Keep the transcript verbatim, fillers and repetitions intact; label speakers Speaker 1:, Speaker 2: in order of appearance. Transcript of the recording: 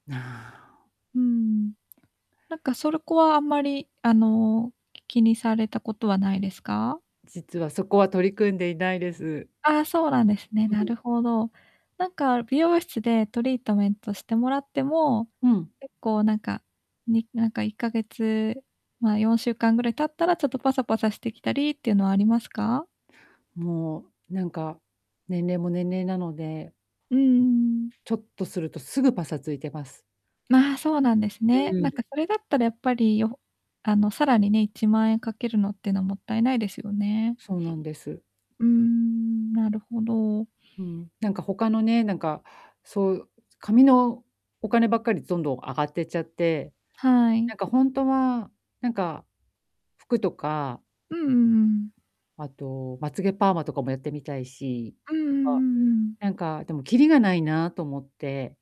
Speaker 1: なあお。
Speaker 2: うーん。なんか、そろこは、あんまり、あの、き気にされたことはないですか？
Speaker 1: 実は、そこは取り組んでいないです。
Speaker 2: ああ、そうなんですね、な
Speaker 1: うん。
Speaker 2: るほど。なんか、美容室でトリートメントしてもらっても、
Speaker 1: うん。
Speaker 2: 結構なんか、になんか、いっかげつ、まあ、よんしゅうかんぐらい経ったらちょっとパサパサしてきたりってゆうのありますか？
Speaker 1: もう、なんか、年齢も年齢なので
Speaker 2: うんうんうん。
Speaker 1: ちょっとすると、すぐパサついてます。
Speaker 2: まあ、そうなんです
Speaker 1: う
Speaker 2: ね。な
Speaker 1: ー
Speaker 2: ん
Speaker 1: ん。
Speaker 2: かそれだったらやっぱり、よあの、さらにね、いちまんえんかけるのってのもったいないですよね。
Speaker 1: そうなんです。
Speaker 2: うーん、なるほど。
Speaker 1: うん、なんか他のね、なんか、そう、髪のお金ばっかりどんどん上がってっちゃって、
Speaker 2: はい。
Speaker 1: なんかほんとは、なんか、服とか
Speaker 2: うんうんうん。
Speaker 1: あと、まつげパーマとかもやってみたいし、
Speaker 2: うんう
Speaker 1: あ、
Speaker 2: んうんうん。
Speaker 1: なんか、でもきりがないなと思って。